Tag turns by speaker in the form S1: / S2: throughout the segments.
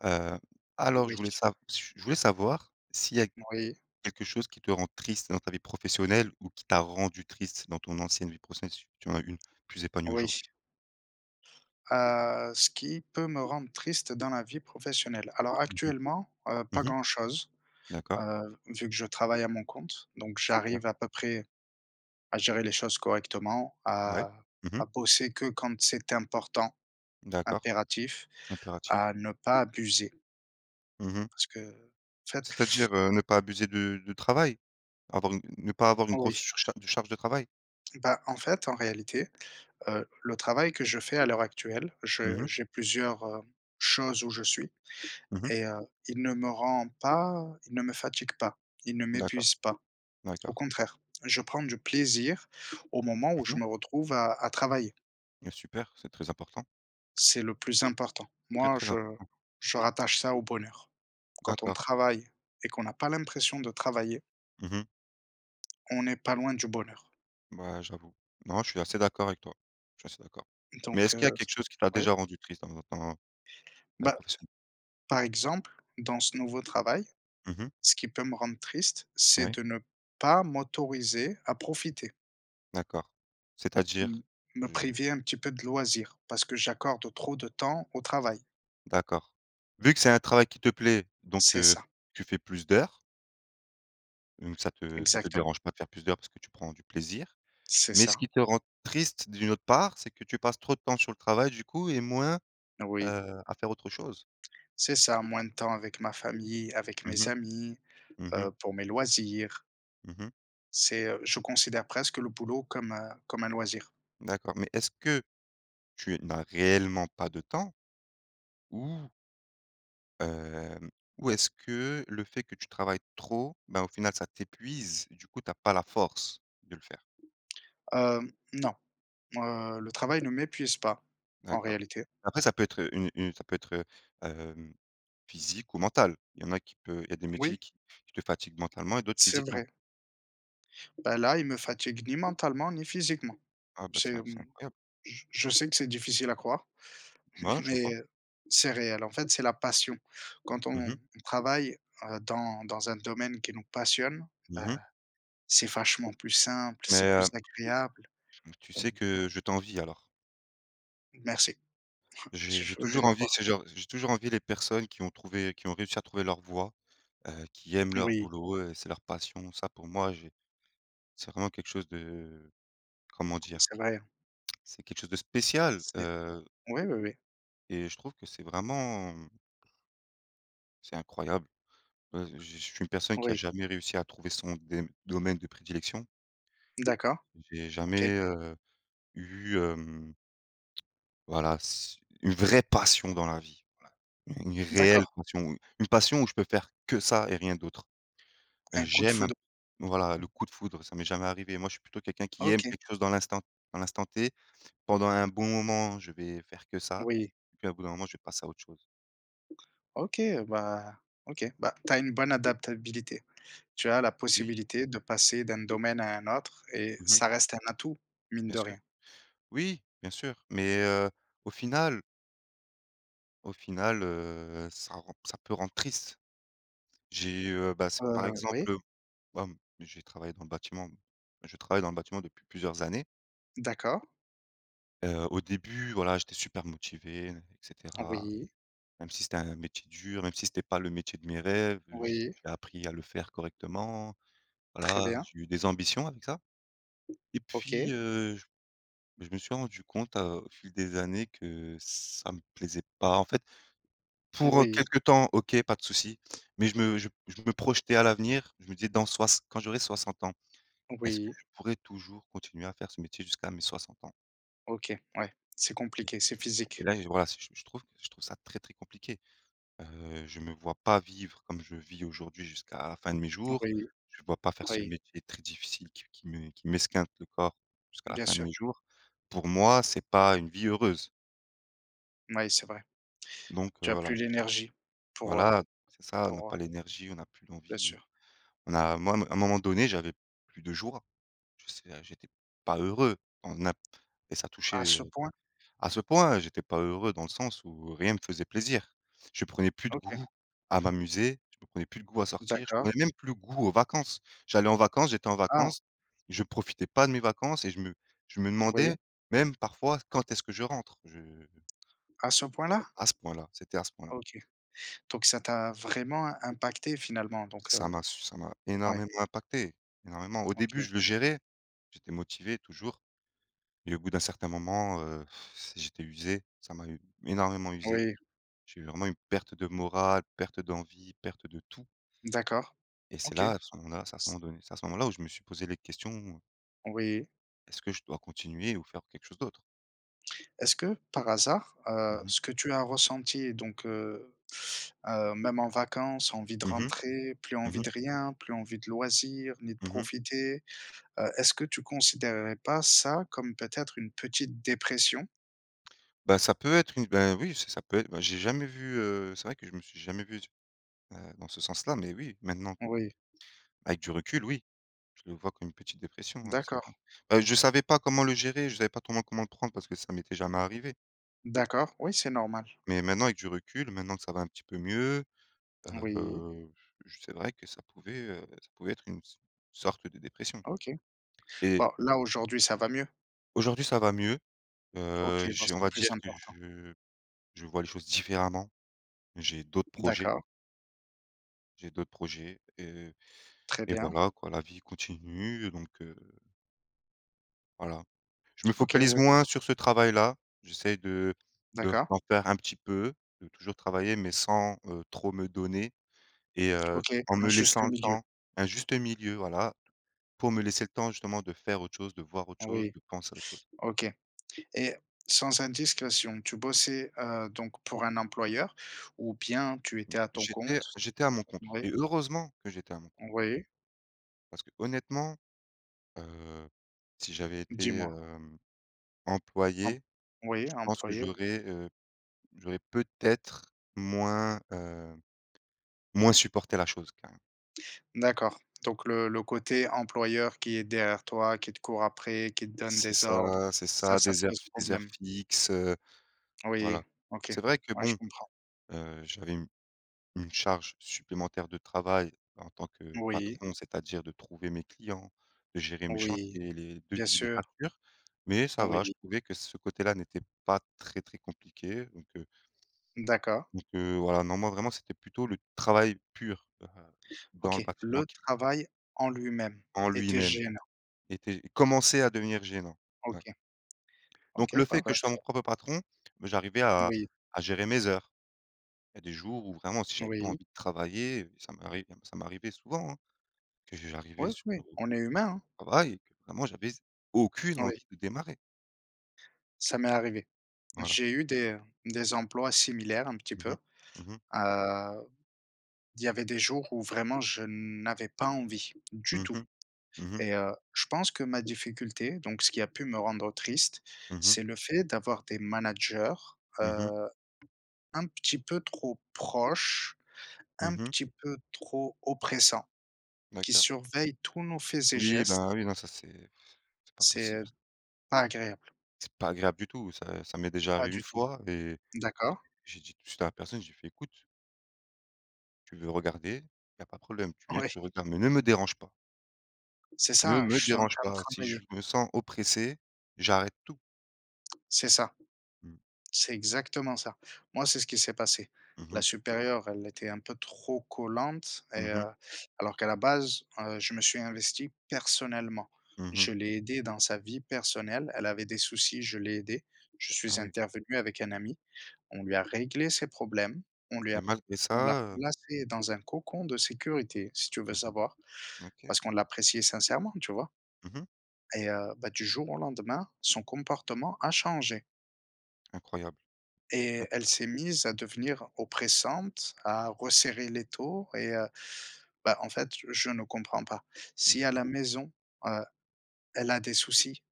S1: Heu, alors je
S2: Oui.
S1: voulais sav j je voulais savoir s'il y a
S2: Moui.
S1: quelque chose qui te rend triste dans ta vie professionnelle ou qui t'a rendu triste dans ton ancienne vie professionnelle et si tu en as eu une plus épanouie
S2: Oui.
S1: aujourd'hui?
S2: Heu, ce qui peut me rendre triste dans la vie professionnelle? Alors
S1: Mmh mh.
S2: actuellement, heu, pas
S1: Mmh mh.
S2: grand chose.
S1: D'accord.
S2: Heu, vu que je travaille à mon compte donc
S1: Super.
S2: j'arrive à peu près à gérer les choses correctement
S1: Ouais,
S2: à
S1: mmh mh.
S2: à bosser que quand c'est important,
S1: D'accord.
S2: impératif,
S1: Impératif.
S2: à ne pas abuser.
S1: Mmh mh.
S2: Parce que fait
S1: C'est-à-dire, heu, ne pas abuser de de travail, avoir une ne pas avoir une grosse
S2: Oui.
S1: surchar une charge de travail?
S2: Bah, en fait, en réalité. Heu, le travail que je fais à l'heure actuelle
S1: Mmh
S2: je
S1: mh.
S2: j'ai plusieurs, heu, choses où je suis
S1: Mmh mh.
S2: et heu, il ne me rend pas il ne me fatigue pas, il ne
S1: D'accord,
S2: m'épuise pas, au
S1: d'accord.
S2: contraire, je prends du plaisir au moment où
S1: Mmh
S2: je
S1: mh.
S2: me retrouve à à travailler
S1: Mais super, c'est très important.
S2: C'est le plus important
S1: Très,
S2: moi
S1: très
S2: je
S1: important.
S2: je rattache ça au bonheur. Quand on
S1: D'accord
S2: travaille et qu'on n'a pas l'impression de travailler.
S1: Mmh mh.
S2: On n'est pas loin du bonheur.
S1: Bah, j'avoue. Non, je suis assez d'accord avec toi, je suis assez d'accord. Mais
S2: Donc
S1: est-ce qu'il y a
S2: heu,
S1: quelque chose qui t'a
S2: ouais.
S1: déjà rendu triste dans dans dans ta vie
S2: Bah,
S1: professionnelle?
S2: par exemple, dans ce nouveau travail,
S1: Mmh mh.
S2: ce qui peut me rendre triste, c'est
S1: Ouais.
S2: de ne pas m'autoriser à profiter.
S1: D'accord, c'est-à-dire?
S2: M me
S1: Je
S2: priver un petit peu de loisir parce que j'accorde trop de temps au travail.
S1: D'accord. Vu que c'est un travail qui te plaît donc,
S2: C'est
S1: heu,
S2: ça.
S1: tu fais plus d'heures? Mmh, ça te ça te
S2: Exactement.
S1: dérange pas de faire plus d'heures parce que tu prends du plaisir.
S2: C'est
S1: Mais ce
S2: ça.
S1: qui te rend triste d'une autre part, c'est que tu passes trop de temps sur le travail du coup et moins,
S2: Oui.
S1: heu, à faire autre chose?
S2: C'est ça, moins de temps avec ma famille, avec
S1: Mmh
S2: mes
S1: mh.
S2: amis,
S1: Mmh mh.
S2: heu, pour mes loisirs.
S1: Mmh mh.
S2: C'est, heu je considère presque le boulot comme, heu, comme un loisir.
S1: D'accord, mais est-ce que tu n'as réellement pas de temps? Ou hem, ou est-ce que le fait que tu travailles trop, bah, au final, ça t'épuise, du coup, tu as pas la force de le faire?
S2: Heu, non, heu, le travail ne m'épuise pas en
S1: D'accord,
S2: réalité.
S1: après ça peut être une une ça peut être, heu, hem, physique ou mental, il y en a qui peut il y a des
S2: Oui.
S1: métiers qui qui te fatiguent mentalement et d'autres
S2: C'est
S1: physiquement.
S2: vrai. Bah, là, il me fatigue ni mentalement ni physiquement
S1: Ah bah, c'est
S2: c'est,
S1: in c'est
S2: hem,
S1: incroyable.
S2: j je sais que c'est difficile à croire
S1: Bah non, je te
S2: mais
S1: crois.
S2: c'est réel, en fait, c'est la passion, quand
S1: Mmh
S2: on
S1: mh.
S2: travaille dans dans un domaine qui nous passionne,
S1: Mmh
S2: bah,
S1: mh.
S2: c'est vachement plus simple,
S1: Mais,
S2: c'est
S1: heu
S2: plus agréable,
S1: j mmh, tu
S2: heu
S1: sais que je t'envie alors.
S2: Merci. J
S1: J'ai j'ai
S2: je veux bien
S1: toujours
S2: te
S1: envié
S2: croire.
S1: ce genre j'ai toujours envié les personnes qui ont trouvé qui ont réussi à trouver leur voie, heu, qui aiment leur
S2: Oui.
S1: boulot, heu, c'est leur passion. Ça pour moi j'ai c'est vraiment quelque chose de comment dire?
S2: C'est vrai, hein.
S1: C'est quelque chose de spécial,
S2: C'est
S1: heu
S2: oui, oui, oui.
S1: et je trouve que c'est vraiment c'est incroyable. Heu, je je suis une personne qui a
S2: Oui.
S1: jamais réussi à trouver son dém domaine de prédilection.
S2: D'accord,
S1: J'ai
S2: OK.
S1: jamais, heu, eu, hem voilà s une vraie passion dans la vie. Voilà. U une réelle
S2: D'accord.
S1: passion. U une passion où je peux faire que ça et rien d'autre.
S2: Un coup de
S1: J'aime un
S2: foudre.
S1: voilà, le coup de foudre, ça m'est jamais arrivé. Moi je suis plutôt quelqu'un qui aime
S2: OK.
S1: quelque chose dans l'instant dans l'instant T. Pendant un bon moment, je vais faire que ça
S2: Oui.
S1: et puis au bout d'un moment je vais passer à autre chose.
S2: OK. Bah, OK. Bah, tu as une bonne adaptabilité. Tu as la
S1: Oui.
S2: possibilité de passer d'un domaine à un autre et
S1: Mmh mh.
S2: ça reste un atout, mine
S1: Bien
S2: de
S1: sûr.
S2: rien.
S1: Oui, bien sûr, mais heu, au final Au final, heu, ça rend ça peut rendre triste. J'ai, heu, bah s par
S2: Heu, oui.
S1: exemple, heu, hem, j'ai travaillé dans le bâtiment je travaille dans le bâtiment depuis plusieurs années.
S2: D'accord.
S1: Heu, au début voilà, j'étais super motivé et cetera,
S2: Oui.
S1: même si c'était un métier dur, même si c'était pas le métier de mes rêves, heu, j'y
S2: Oui.
S1: j'ai appris à le faire correctement.
S2: Très
S1: Voilà,
S2: bien.
S1: j'ai eu des ambitions avec ça, et
S2: OK.
S1: puis, heu j beh je me suis rendu compte, heu, au fil des années que ça me plaisait pas en fait. Pour
S2: Oui.
S1: quelque temps OK pas de souci, mais je me je je me projetais à l'avenir, je me disais: «Dans sois quand j'aurai 60 ans, est-ce que
S2: Oui.
S1: je pourrais toujours continuer à faire ce métier jusqu'à mes 60 ans?».
S2: OK ouais. C'est
S1: Et
S2: compliqué, c'est
S1: et
S2: physique.
S1: là, je voilà c je je trouve je trouve ça très, très compliqué. Heu, je me vois pas vivre comme je vis aujourd'hui jusqu'à la fin de mes jours.
S2: Oui,
S1: Je vois pas faire ce
S2: oui.
S1: métier très difficile qui qui me qui m'esquinte le corps jusqu'à la
S2: Bien
S1: fin de
S2: sûr.
S1: mes jours. Pour moi c'est pas une vie heureuse.
S2: Mouais, c'est vrai.
S1: Donc heu,
S2: Tu as
S1: voilà
S2: plus
S1: je s
S2: l'énergie pour, heu,
S1: voilà, c'est ça, on a
S2: pour, heu
S1: pas l'énergie, on a plus
S2: Bien
S1: l'envie ou
S2: sûr.
S1: on a moi à m un moment donné j'avais plus de jours. Je sais a j'étais pas heureux en ap et ça touchait,
S2: À ce
S1: heu
S2: point?
S1: à ce point j'étais pas heureux dans le sens où rien me faisait plaisir. Je prenais plus de
S2: OK.
S1: goût à m'amuser, je prenais plus de goût à sortir, je prenais
S2: D'accord.
S1: même plus le goût aux vacances. J'allais en vacances, j'étais en
S2: Ah!
S1: vacances, je profitais pas de mes vacances et je me je me demandais
S2: Oui.
S1: même parfois: «Quand est-ce que je rentre», je
S2: À ce point là?
S1: À ce point-là, c'était à ce point-là.
S2: OK, donc ça t'a vraiment impacté finalement donc
S1: Ça
S2: heu,
S1: m'a ç ça m'a
S2: ouais.
S1: énormément impacté, énormément. Au
S2: OK.
S1: début je le
S2: Ouais.
S1: gérais, j'étais motivé toujours et au bout d'un certain moment, heu, c'est j'étais usé, ça m'a u énormément usé,
S2: Oui.
S1: j'ai eu vraiment une perte de morale, perte d'envie, perte de tout.
S2: D'accord,
S1: Et c'est
S2: OK.
S1: là, à ce moment-là, c'est à
S2: S
S1: moment donné c'est à ce moment là où je me suis posé les questions ou
S2: Oui.
S1: Est-ce que je dois continuer ou faire quelque chose d'autre?
S2: Est-ce que par hasard,
S1: Mmh
S2: heu,
S1: mh.
S2: ce que tu as ressenti donc heu heu, même en vacances, envie de
S1: Mmh mh.
S2: rentrer, plus
S1: Mmh
S2: envie
S1: mh.
S2: de rien, plus envie de loisir, ni de
S1: Mmh mh.
S2: profiter, heu, est-ce que tu considérerais pas ça comme, peut-être, une petite dépression?
S1: Bah, ça peut être une ben, oui, ça ça peut être ben, j'ai jamais vu, heu c'est vrai que je ne me suis jamais vu d heu, dans ce sens-là mais oui, maintenant.
S2: Oui.
S1: Avec du recul, oui, je le vois, comme une petite dépression, ouais, c'est
S2: D'accord.
S1: vrai. Bah, je savais pas comment le gérer. Je savais pas comment comment le prendre parce que ça m'était jamais arrivé.
S2: D'accord. Oui, c'est normal.
S1: Mais maintenant, avec du recul, maintenant que ça va un petit peu mieux,
S2: Oui.
S1: heu, c'est vrai que ça pouvait, heu, ça pouvait être une s sorte de dépression
S2: OK.
S1: et
S2: Bon, là, aujourd'hui, ça va mieux?
S1: Aujourd'hui, ça va mieux,
S2: OK,
S1: heu,
S2: ben,
S1: j on
S2: c'est le
S1: va
S2: plus
S1: dire que
S2: important.
S1: je je vois les choses différemment. J'ai d'autres projets.
S2: D'accord.
S1: J'ai d'autres projets et
S2: Très
S1: et
S2: bien.
S1: voilà, quoi. La vie continue donc heu Voilà, je me
S2: OK,
S1: focalise
S2: ouais.
S1: moins sur ce travail-là, j'essaie de de
S2: D'accord.
S1: d'en faire un petit peu, de toujours travailler, mais sans, heu, trop me donner et heu,
S2: OK,
S1: en
S2: un
S1: me
S2: juste
S1: laissant le
S2: milieu.
S1: temps, un juste milieu, voilà, pour me laisser le temps, justement, de faire autre chose, de voir autre chose,
S2: Oui,
S1: de penser à autre chose.
S2: OK. Et sans indiscrétion, tu bossais, heu, donc pour un employeur ou bien tu étais à ton
S1: J'étais
S2: compte?
S1: j'étais à mon compte
S2: Oui.
S1: et heureusement que j'étais à mon compte.
S2: Oui.
S1: Parce qu'honnêtement, heu, si j'avais été,
S2: Dis-moi.
S1: hem,
S2: Emp
S1: employé,
S2: oui,
S1: je pense que
S2: employé oui.
S1: j'aurais, heu, j'aurais peut-être moins, heu, moins supporté la chose, quand même.
S2: D'accord, donc le le côté employeur qui est derrière toi, qui te court après, qui te donne
S1: C'est
S2: des ordres,
S1: ça c'est ça,
S2: ça ça te
S1: des heures
S2: pose
S1: fi des heures
S2: problème?
S1: fixes, heu, voilà.
S2: Oui, OK,
S1: C'est vrai que,
S2: ouais, je
S1: bon,
S2: comprends.
S1: heu, j'avais une une charge supplémentaire de travail en tant que
S2: Oui.
S1: patron, c'est-à-dire de trouver mes clients, de gérer mes
S2: Oui,
S1: chantiers, les
S2: bien
S1: devis, les
S2: sûr.
S1: factures, mais ça va, je
S2: Oui.
S1: trouvais que ce côté là n'était pas très très compliqué, donc, heu
S2: D'accord.
S1: donc heu, voilà, non, moi, vraiment, c'était plutôt le travail pur, heu, dans le
S2: OK,
S1: bâtiment
S2: le
S1: qui
S2: travail en lui-même
S1: en
S2: était
S1: lui-même
S2: gênant.
S1: était commençait à devenir gênant, ouais.
S2: OK.
S1: Donc,
S2: OK,
S1: le fait
S2: bah
S1: que
S2: bah,
S1: je sois
S2: c'est
S1: mon propre patron, bah, j'arrivais à
S2: Oui.
S1: à gérer mes heures. Il y a des jours où, vraiment, si j'avais pas
S2: Oui.
S1: envie de travailler, ça m'arrive ça m'arrivait souvent, hein, que j j'arrivais
S2: Oui,
S1: sur
S2: oui,
S1: le
S2: on est humain, hein.
S1: travail et que, vraiment, j'avais aucune
S2: Oui.
S1: envie de démarrer.
S2: Ça m'est arrivé.
S1: Voilà.
S2: J'ai eu des, heu, des emplois similaires, un petit
S1: Mmh
S2: peu.
S1: mh. Mmh mh.
S2: Heu, il y avait des jours où, vraiment, je n'avais pas envie du
S1: Mmh
S2: tout
S1: mh. Mmh mh.
S2: et heu, je pense que ma difficulté, donc ce qui a pu me rendre triste.
S1: Mmh mh.
S2: C'est le fait d'avoir des managers,
S1: Mmh mh.
S2: heu, un petit peu trop proches,
S1: Mmh
S2: un
S1: mh.
S2: petit peu trop oppressants, qui
S1: D'accord.
S2: surveillent tous nos faits et
S1: Oui,
S2: gestes.
S1: bah, oui, non, ça, c'est c'est pas
S2: C'est,
S1: possible,
S2: heu,
S1: c
S2: pas agréable.
S1: C'est pas agréable du tout. Ça, ça m'est déjà
S2: Pas
S1: arrivé une
S2: du tout.
S1: fois et et
S2: D'accord.
S1: j'ai dit j'ai dit à la personne, je lui fait: «Écoute» «tu veux regarder, il y a pas de problème. Tu viens,
S2: Ouais.
S1: tu regardes mais ne me dérange pas».
S2: C'est
S1: «ne
S2: ça, je
S1: me
S2: suis en
S1: dérange
S2: train de
S1: pas. Si je
S2: travailler.
S1: me sens oppressé, j'arrête tout».
S2: C'est ça.
S1: Mmh.
S2: C'est exactement ça. Moi c'est ce qui s'est passé.
S1: Mmh
S2: La
S1: mh.
S2: supérieure, elle était un peu trop collante et
S1: Mmh mh.
S2: heu alors qu'à la base, heu, je me suis investi personnellement.
S1: Mmh
S2: Je
S1: mh.
S2: l'ai aidée dans sa vie personnelle. Elle avait des soucis. Je l'ai aidée. Je
S1: Ah
S2: suis
S1: oui.
S2: intervenu avec un ami. On lui a réglé ses problèmes. On lui
S1: Et
S2: a
S1: malgré
S2: on l'a
S1: ça, heu
S2: placée dans un cocon de sécurité, si tu veux
S1: Mmh
S2: savoir
S1: mh. OK.
S2: parce qu'on l'appréciait sincèrement, tu vois?
S1: Mmh mh.
S2: Et heu, bah, du jour au lendemain, son comportement a changé.
S1: Incroyable!
S2: Et elle
S1: D'accord.
S2: s'est mise à devenir oppressante, à resserrer l'étau et heu, bah, en fait je ne comprends pas. Si
S1: Je
S2: à
S1: comp
S2: la maison, heu, elle a des soucis,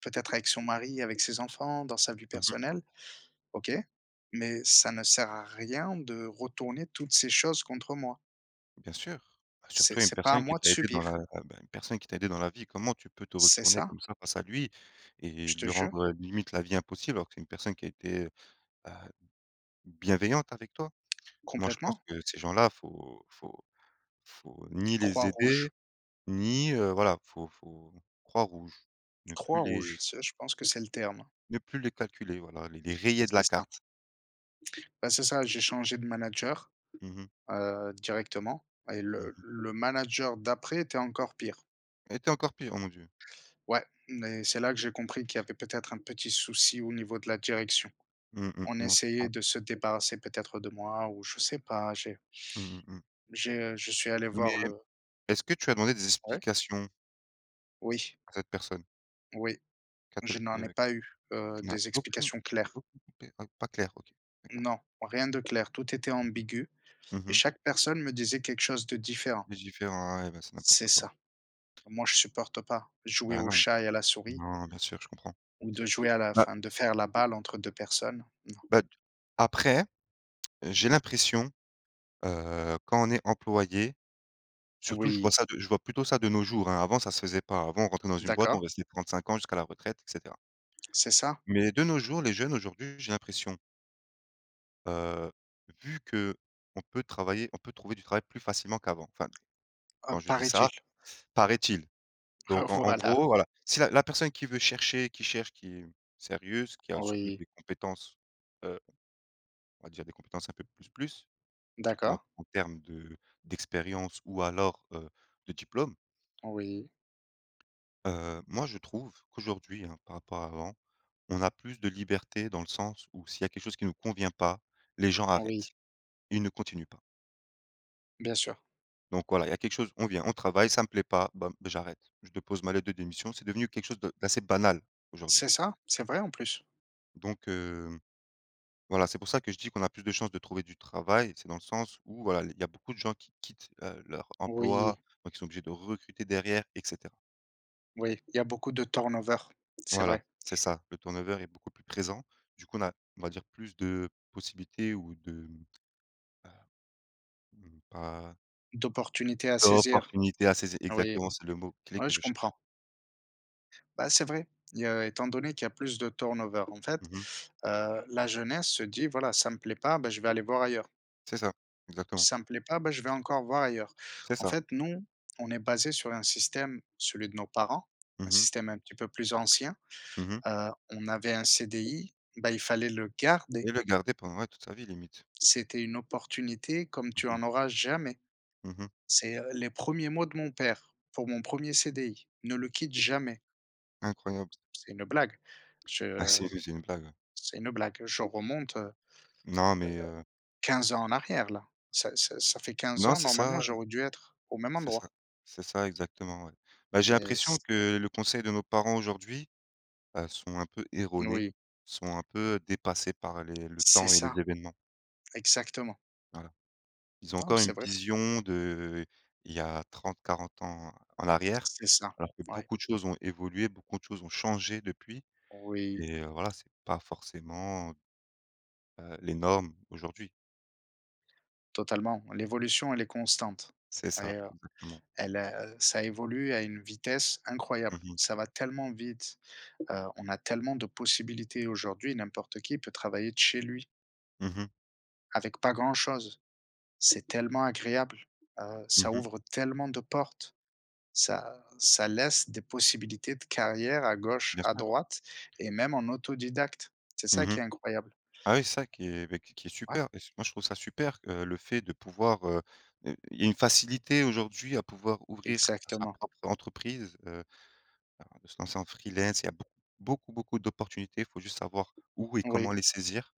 S2: peut-être avec son mari, avec ses enfants, dans sa vie
S1: Mmh mh.
S2: personnelle, OK. Mais ça ne sert à rien de retourner toutes ces choses contre moi.
S1: Bien sûr, surtout
S2: C'est
S1: une
S2: c'est pas à
S1: personne qui
S2: moi de
S1: t'a aidé dans
S2: subir.
S1: la, heu, bah, une personne qui t'a aidé dans la vie. Comment tu peux te
S2: C'est
S1: retourner
S2: ça.
S1: comme ça face à lui et
S2: Je te
S1: lui
S2: jure.
S1: rendre limite, la vie impossible? Alors que c'est une personne qui a été, heu, b bienveillante avec toi. Moi je pense
S2: Complètement.
S1: que ces gens-là, il faut faut faut ni
S2: Croix
S1: les aider
S2: rouge.
S1: ni, heu, voilà, il faut faut croix rouge, ne plus
S2: Croix rouge,
S1: les
S2: ça, je pense que c'est le terme.
S1: ne plus les calculer voilà, les les rayer de la
S2: C'est ça.
S1: carte.
S2: Bah c'est ça, j'ai changé de manager,
S1: Mmh mh.
S2: heu, directement et
S1: Mmh
S2: le
S1: mh.
S2: le manager d'après était encore pire.
S1: Elle était encore pire, oh mon Dieu!
S2: Ouais. Mais c'est là que j'ai compris qu'il y avait peut-être un petit souci au niveau de la direction.
S1: Mmh mh,
S2: On
S1: non je
S2: essayait
S1: comprends.
S2: de se débarrasser peut-être de moi ou je sais pas, j'ai
S1: Mmh mh, mmh.
S2: j'ai, heu, je suis allé
S1: Mais
S2: voir le
S1: est-ce que tu as demandé des
S2: Ouais?
S1: explications?
S2: Oui.
S1: À cette personne?
S2: Oui.
S1: Qu'à t-elle
S2: Je n'en ai
S1: heu.
S2: pas eu, heu,
S1: Tu n'as
S2: des
S1: eu aucune
S2: explications claires.
S1: aucune pe pas clair. OK. D'accord.
S2: Non, rien de clair, tout était ambigu.
S1: [unintelligible] Mmh
S2: Et
S1: mh.
S2: chaque personne me disait quelque chose de différent.
S1: De différent ah ouais, ben c'est n'importe
S2: C'est
S1: quoi.
S2: ça. Moi je supporte pas. Jouer
S1: Ben
S2: au
S1: non.
S2: chat et à la souris
S1: Non, non, bien sûr, je comprends.
S2: ou de jouer à la
S1: Bah
S2: enfin de faire la balle entre deux personnes. Non.
S1: ben de après, j'ai l'impression, heu, quand on est employé surtout je vois
S2: Oui.
S1: ça de je vois plutôt ça de nos jours, hein, avant ça se faisait pas, avant on rentrait dans une boîte, on
S2: D'accord.
S1: restait 35 ans jusqu'à la retraite et cetera
S2: C'est ça.
S1: mais de nos jours, les jeunes aujourd'hui, j'ai l'impression heu, vu qu'on peut travailler on peut trouver du travail plus facilement qu'avant. Enfin,
S2: Heu,
S1: quand je dis ça
S2: paraît-il.
S1: paraît-il.
S2: Ah
S1: Donc, en en
S2: voilà.
S1: gros voilà, si la la personne qui veut chercher qui cherche, qui est sérieuse, qui a surtout
S2: Oui.
S1: des compétences, heu, on va dire des compétences un peu plus plus. Surtout en
S2: D'accord.
S1: en termes de d'expérience ou alors, heu, de diplôme
S2: Oui.
S1: heu, moi je trouve, qu'aujourd'hui, hein, par rapport à avant, on a plus de liberté dans le sens où s'il y a quelque chose qui nous convient pas, les gens
S2: Oui.
S1: arrêtent. Ils ne continuent pas.
S2: Bien sûr.
S1: Donc voilà, il y a quelque chose, on vient, on travaille, ça me plaît pas, bam, j'arrête, je dépose ma lettre de démission, c'est devenu quelque chose de d'assez banal aujourd'hui.
S2: C'est ça, c'est vrai, en plus.
S1: Donc heu, voilà, c'est pour ça que je dis qu'on a plus de chance de trouver du travail, c'est dans le sens où, voilà, les il y a beaucoup de gens qui quittent, heu, leur emploi
S2: Oui.
S1: donc qui sont obligés de recruter derrière et cetera.
S2: Oui, il y a beaucoup de turn-over, c'est
S1: Voilà,
S2: vrai.
S1: c'est ça, le turn-over est beaucoup plus présent, du coup, on a on va dire, plus de possibilités ou de heu, mmh, pa
S2: D'opportunités à saisir,
S1: d'opportunités à saisir,
S2: oui,
S1: exactement, c'est le mot clé
S2: oui,
S1: que
S2: je
S1: je cherche.
S2: comprends. Bah, c'est vrai, il y a étant donné qu'il y a plus de turn-over. En fait,
S1: Mmh mh.
S2: heu, la jeunesse se dit: «Voilà, ça me plaît pas, bah, je vais aller voir ailleurs».
S1: C'est ça, exactement.
S2: «Ça me plaît pas, bah, je vais encore voir ailleurs».
S1: C'est
S2: En
S1: ça.
S2: fait, nous on est basés sur un système, celui de nos parents, un
S1: Mmh mh.
S2: système un petit peu plus ancien,
S1: Mmh mh.
S2: heu, on avait un CDI, bah, il fallait le garder.
S1: Et le garder pendant, ouais, toute sa vie limite.
S2: C'était une opportunité comme
S1: Mmh
S2: tu
S1: mh.
S2: en auras jamais.
S1: Mmh mh.
S2: C'est, heu, les 1ers mots de mon père pour mon 1er CDI: «Ne le quitte jamais».
S1: Incroyable.
S2: C'est une blague.
S1: Ah,
S2: Je
S1: sérieux, c'est une blague, ouais.
S2: c'est une blague, je remonte, heu heu,
S1: Non mais heu
S2: 15 ans en arrière, là, ça ça ça fait 15
S1: Non,
S2: ans,
S1: c'est ça,
S2: normalement,
S1: heu
S2: j'aurais dû être au même
S1: C'est
S2: endroit.
S1: ça. C'est ça, exactement, ouais. Bah, j'ai
S2: Mais
S1: l'impression
S2: c
S1: que le conseil de nos parents, aujourd'hui, heu, sont un peu
S2: N
S1: erronés,
S2: oui.
S1: sont un peu, dépassés par les le
S2: C'est
S1: temps et les
S2: ça.
S1: événements.
S2: Exactement.
S1: Voilà. Ils ont
S2: Non mais
S1: encore
S2: c'est
S1: une
S2: vrai.
S1: vision d'il y a 30-40 ans en arrière
S2: C'est ça.
S1: alors que
S2: Ouais.
S1: beaucoup de choses ont évolué, beaucoup de choses ont changé depuis
S2: Oui.
S1: et heu, voilà, c'est pas forcément heu, les normes, aujourd'hui.
S2: Totalement. L'évolution, elle est constante
S1: C'est ça,
S2: et heu,
S1: exactement.
S2: elle a ça évolue à une vitesse
S1: Mmh
S2: incroyable.
S1: mh.
S2: Ça va tellement vite, heu, on a tellement de possibilités aujourd'hui. N'importe qui peut travailler de chez lui
S1: Mmh mh.
S2: avec pas grand chose. C'est tellement agréable, heu,
S1: Mmh
S2: ça
S1: mh.
S2: ouvre tellement de portes. Ça ça laisse des possibilités de carrière à gauche,
S1: Bien
S2: à
S1: sûr.
S2: droite et même en autodidacte. C'est
S1: Mmh
S2: ça
S1: mh.
S2: qui est incroyable.
S1: Ah, oui, c'est ça qui est ben q qui est qui est
S2: Ouais.
S1: super et c'est moi, je trouve ça super, heu, le fait de pouvoir, heu heu, il y a une facilité, aujourd'hui, à pouvoir ouvrir sa
S2: Exactement.
S1: propre entreprise, heu de se lancer en freelance. Il y a beau beaucoup, beaucoup d'opportunités. Il faut juste savoir où et
S2: Oui.
S1: comment les saisir.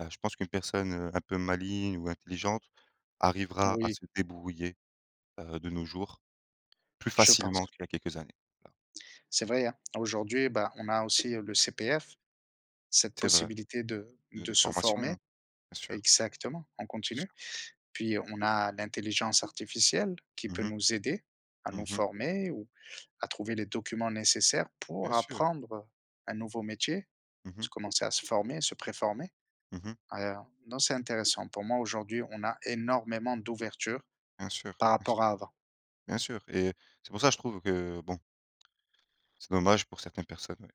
S1: Heu, je pense qu'une personne, heu, un peu maligne ou intelligente arrivera à
S2: Oui.
S1: se débrouiller, heu, de nos jours, plus
S2: Je pense.
S1: facilement qu'il y a quelques années. Voilà.
S2: C'est vrai, hein. Aujourd'hui, bah, on a aussi, heu, le CPF. Cette
S1: C'est vrai,
S2: possibilité de
S1: de
S2: de
S1: de
S2: se
S1: formations,
S2: former
S1: hein. Bien sûr.
S2: exactement, en
S1: Bien
S2: continue.
S1: sûr.
S2: Puis on a l'intelligence artificielle qui
S1: Mmh
S2: peut
S1: mh,
S2: nous aider à nous
S1: mmh mh.
S2: former ou à trouver les documents nécessaires pour
S1: Bien sûr.
S2: apprendre un nouveau métier,
S1: Mmh mh.
S2: se commencer à se former et se préformer.
S1: Mmh mh.
S2: Ah, heu, non, c'est intéressant. Pour moi, aujourd'hui, on a énormément d'ouverture
S1: Bien sûr.
S2: par
S1: Bien s
S2: rapport à avant.
S1: bien sûr et c'est pour ça que je trouve que, bon c'est dommage pour certaines personnes, oui.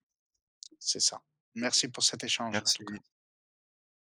S2: C'est ça, merci pour cet échange, en tout cas.
S1: Merci.